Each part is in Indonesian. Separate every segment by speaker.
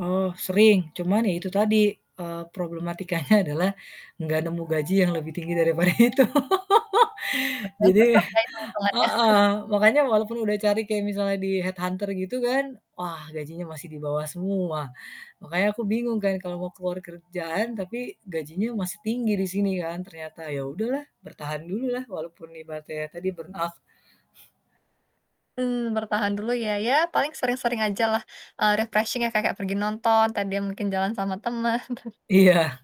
Speaker 1: Oh, sering. Cuman, ya itu tadi, eee, problematikanya adalah enggak nemu gaji yang lebih tinggi daripada itu.
Speaker 2: Padahal pasti
Speaker 1: Jadi
Speaker 2: oke, itung-itungannya.
Speaker 1: heeh, makanya walaupun udah cari kaya misalnya di head hunter gitu kan, wah gajinya masih di bawah semua. Makanya aku bingung kan kalau mau keluar kerjaan, tapi gajinya masih tinggi di sini kan, ternyata. Ya udahlah, bertahan dululah walaupun ibaratnya ya tadi burnout.
Speaker 2: Mmm, bertahan dulu ya, ya paling sering-sering ajalah, eee, refreshing ya, ka kayak pergi nonton, entah dia mungkin jalan sama teman.
Speaker 1: Iya.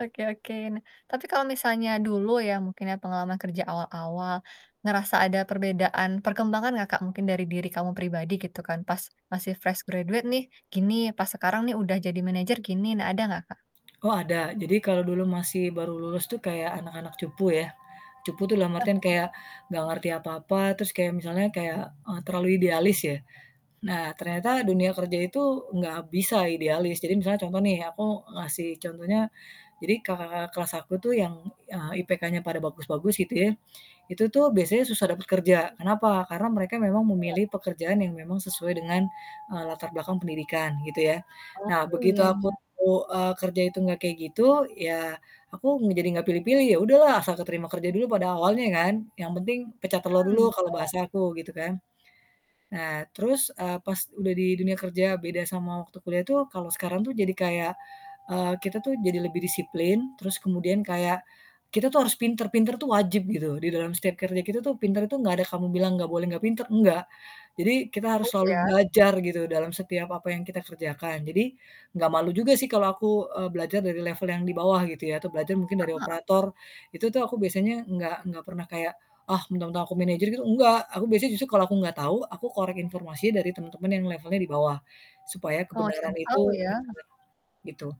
Speaker 2: Oke oke. Nah, tapi kalau misalnya dulu ya, mungkin ya pengalaman kerja awal-awal, ngerasa ada perbedaan perkembangan enggak, Kak, mungkin dari diri kamu pribadi gitu kan, "Pas masih fresh graduate nih gini, pas sekarang nih udah jadi manajer gini." Nah ada enggak, Kak?
Speaker 1: Oh, ada. Jadi, kalau dulu masih baru lulus tuh kayak anak-anak cupu ya, cupu tuh dalam artian
Speaker 2: Iya.
Speaker 1: kayak enggak ngerti apa-apa, terus kayak misalnya yang kayak, eee, terlalu idealis ya. Nah, ternyata dunia kerja itu enggak bisa idealis, jadi misalnya contoh nih, aku ngasih contohnya, jadi kakak-kakak kelas aku tuh yang, eee, IPK-nya pada bagus-bagus gitu yah, itu tuh biasanya susah dapat kerja, kenapa, karena mereka memang
Speaker 2: Iya.
Speaker 1: memilih pekerjaan yang memang sesuai dengan latar belakang, pendidikan gitu yah.
Speaker 2: Oh,
Speaker 1: Nah,
Speaker 2: mmm,
Speaker 1: begitu
Speaker 2: iya
Speaker 1: aku,
Speaker 2: iya.
Speaker 1: eee, kerja itu enggak kayak gitu, ya, aku eng jadi enggak pilih-pilih, ya udahlah asal keterima kerja dulu pada awalnya kan, yang penting pecah telur
Speaker 2: Mhm,
Speaker 1: dulu
Speaker 2: benar.
Speaker 1: kalau bahasa aku, gitu kan. Nah terus, eee, pas udah di dunia kerja beda sama waktu kuliah tuh, kalau sekarang tuh jadi kayak, eee, kita tuh jadi lebih disiplin, terus kemudian kayak kita tuh harus pinter pinter tuh wajib gitu. Di dalam setiap kerja kita tuh, pinter itu enggak ada kamu bilang, "Enggak boleh, enggak pinter," enggak. Jadi, kita harus
Speaker 2: Push,
Speaker 1: selalu
Speaker 2: ya?
Speaker 1: belajar gitu, dalam setiap apa yang kita kerjakan. Jadi, enggak malu juga sih kalau aku, eee, belajar dari level yang di bawah gitu ya, atau belajar mungkin
Speaker 2: Heeh
Speaker 1: dari
Speaker 2: heeh.
Speaker 1: operator, itu tuh aku biasanya enggak enggak pernah kayak, "Ah, mentang-mentang aku manager," gitu, enggak. Aku biasanya justru kalau aku enggak tahu aku korek informasinya dari temen-temen yang levelnya di bawah, supaya
Speaker 2: Oh, cari
Speaker 1: kebenaran
Speaker 2: tahu
Speaker 1: itu bener-bener,
Speaker 2: ya?
Speaker 1: gitu.